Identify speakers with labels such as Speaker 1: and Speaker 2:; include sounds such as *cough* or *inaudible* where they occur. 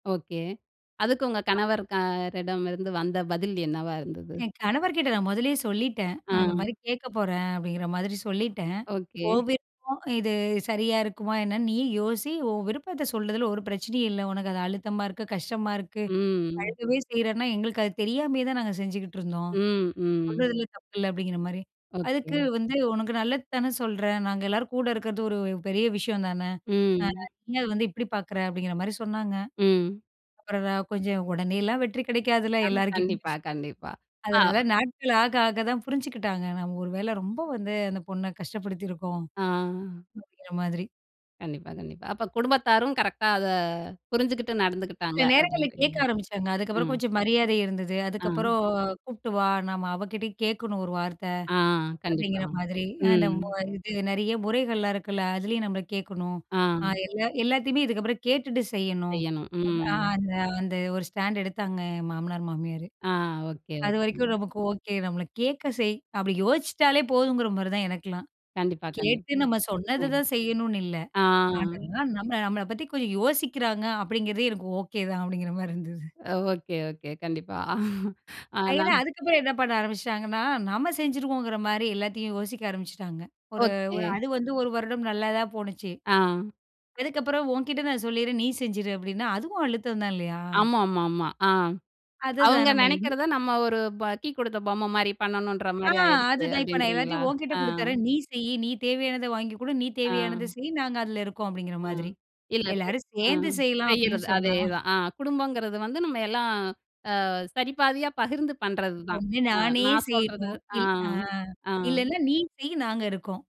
Speaker 1: Okay. அதுக்கு உங்க கணவர் கரடமிருந்து வந்த பதில் என்னவா இருந்தது?
Speaker 2: என் கணவர்க்கிட்ட நான் மொதல்லயே சொல்லிட்டேன். நான் இந்த மாரி
Speaker 1: ஆ.
Speaker 2: கேட்க போறேன் அப்படிங்கிற மாதிரி சொல்லிட்டேன்.
Speaker 1: ஒகே.
Speaker 2: ஓன் விருப்பம். இது சரியா இருக்குமா என்னன்னு, நீயே யோசி. ஓவ்விருப்பத்த சொல்றதில, ஒரு பிரச்சனையும் இல்ல. ஒனக்கு அது அழுத்தமா இருக்கு, கஷ்டமா இருக்கு.
Speaker 1: ம்.
Speaker 2: அழுகவே செய்றேன்னா, எங்களுக்கு அது தெரியாமயே தான், நாங்க செஞ்சுட்டுருந்தோம்.
Speaker 1: ம், ம்.
Speaker 2: சொல்றதுல தப்பில்ல, அப்படிங்கிற மாரி.
Speaker 1: ஒகே.
Speaker 2: அதுக்கு வந்து, உனக்கு நல்லது தானே சொல்றேன். நாங்க எல்லாரும் கூட இருக்குறது ஒரு பெரிய விஷயம் தான. ஆ,
Speaker 1: ம்.
Speaker 2: நீ ஏன் அத வந்து, இப்டி பார்க்குற அப்படிங்கிற மாரி சொன்னாங்க.
Speaker 1: ம்.
Speaker 2: அப்புறோம், கொஞ்சம் ஒடனேலாம் வெற்றி கிடைக்காதுல்ல,
Speaker 1: ஆமா
Speaker 2: எல்லார்கிட்டயும்.
Speaker 1: கண்டிப்பா கண்டிப்பா. ஆ.
Speaker 2: அதனால, நாட்கள் ஆக ஆக தான் புரிஞ்சுக்கிட்டாங்க. நம்ம ஒரு வேளை ரொம்ப வந்து, அந்த பொண்ண கஷ்டப்படுத்தியிருக்கோம்.
Speaker 1: ஆ.
Speaker 2: அப்படிங்கிற மாதிரி.
Speaker 1: கண்டிப்பா, கண்டிப்பா. அப்ப குடும்பத்தாரும் கரெக்ட்டா அத, புரிஞ்சுகிட்டு நடந்துக்கிட்டாங்க.
Speaker 2: சில நேரங்களிள்ல,
Speaker 1: அப்படின்றீங்க.
Speaker 2: கேட்க ஆரம்பிச்ட்டாங்க. அதுக்கப்புறோம்
Speaker 1: ம்.
Speaker 2: கொஞ்சம் மரியாதை இருந்தது.
Speaker 1: ஆ.
Speaker 2: அதுக்கப்புறோம் கூப்ட்டு வா, நாம அவகிட்டயும் கேட்கணும் ஒரு வார்த்த.
Speaker 1: ஆ. கண்டிப்பா,
Speaker 2: அப்படிங்கிற மாதிரி. அ அந்த,
Speaker 1: ம்.
Speaker 2: இது நெறைய முறைகள்லாம் இருக்குல்ல. அதுலயும் நம்ம கேட்கணும்.
Speaker 1: ஆ.
Speaker 2: ஆ, எல்லா எல்லாத்தையுமே இதுக்கப்புறம் கேட்டுட்டு செய்யணும்.
Speaker 1: செய்யணும்.
Speaker 2: ஆ,
Speaker 1: ம்.
Speaker 2: அந்த, அந்த ஒரு ஸ்டாண்ட் எடுத்தாங்க என் மாமனார் மாமியாரு.
Speaker 1: ஆ. ஓகே,
Speaker 2: அது வரைக்கும்
Speaker 1: ஓகே.
Speaker 2: நமக்கு ஓகே. நம்மள கேட்க செய் அப்டி யோசிச்சுட்டாலே போதுங்கிற மாதிரி தான் எனக்கெலாம்.
Speaker 1: கண்டிப்பா,
Speaker 2: கேட்டு
Speaker 1: கண்டிப்பா.
Speaker 2: நம்ம சொன்னது
Speaker 1: ம்.
Speaker 2: தான் செய்யணுனு இல்ல.
Speaker 1: ஆ.
Speaker 2: ஆனாலும், நம்மள, நம்மள பத்தி கொஞ்சோம் யோசிக்கிறாங்க அப்படிங்கிறதே எனக்கு ஓகே தான் *chuckles* அப்படிங்கிற மாதிரி இருந்தது.
Speaker 1: ஒகே ஒகே கண்டிப்பா. *chuckles* அ நா
Speaker 2: ஏன்னா, அதுக்கப்புறம் என்ன பண்ண ஆரம்பிச்சுட்டாங்கன்னா! நம்ம செஞ்சுருக்கோங்கிற மாரி, எல்லாத்தையும் யோசிக்க ஆரம்பிச்சுட்டாங்க. ஒரு
Speaker 1: ஓகே.
Speaker 2: ஒரு அது வந்து, 1 வருடம் நல்லதான் போனுச்சு.
Speaker 1: ஆ.
Speaker 2: அதுக்கு அப்புறம், உன்கிட்ட நான் சொல்லிடுறேன். நீ செஞ்சுடு அப்படினா அதுவும் அழுத்தம் தான் இல்லையா.
Speaker 1: ஆமாமாமா ஆ.
Speaker 2: அதுதான்
Speaker 1: அவங்க
Speaker 2: நம்ம எங்க
Speaker 1: நெனைக்கிறத, நம்ம ஒரு, ப கீ கொடுத்த பொம்மை மாரி, பண்ணணுன்ற
Speaker 2: ஆ
Speaker 1: மாரி ஆயிருச்சு,
Speaker 2: அதுதான். இப்போ நான்
Speaker 1: அப்படின்றீங்களா?
Speaker 2: எல்லாத்தையும் ஓங்கிட்ட
Speaker 1: ஆ.
Speaker 2: கொடுத்துறேன். நீ செய்யி. நீ தேவையானத வாங்கிக் கொடு. நீ தேவையானத
Speaker 1: ஆ.
Speaker 2: செய். நாங்க அதில இருக்கோம் அப்படிங்கிற
Speaker 1: ஆ.
Speaker 2: மாதிரி.
Speaker 1: இல்ல இப்
Speaker 2: எல்லாரும்
Speaker 1: ஆ.
Speaker 2: சேந்து செய்யலாம் அப்படின்னு
Speaker 1: செய்யிறது
Speaker 2: சொன்னா.
Speaker 1: அதேதான். ஆ, குடும்பங்கிறது வந்து நம்ம எல்லாம். ஆ, சரி பாதியா பகிர்ந்து பண்ணுறது தான்.
Speaker 2: ஒண்ணு,
Speaker 1: ஆ,
Speaker 2: நானே
Speaker 1: நான் சொல்றது.
Speaker 2: செய்யணும்.
Speaker 1: ஆ.
Speaker 2: இல். ஆ.
Speaker 1: ஆ.
Speaker 2: இல்லைன்னா நீ செய். நாங்க இருக்கோம்.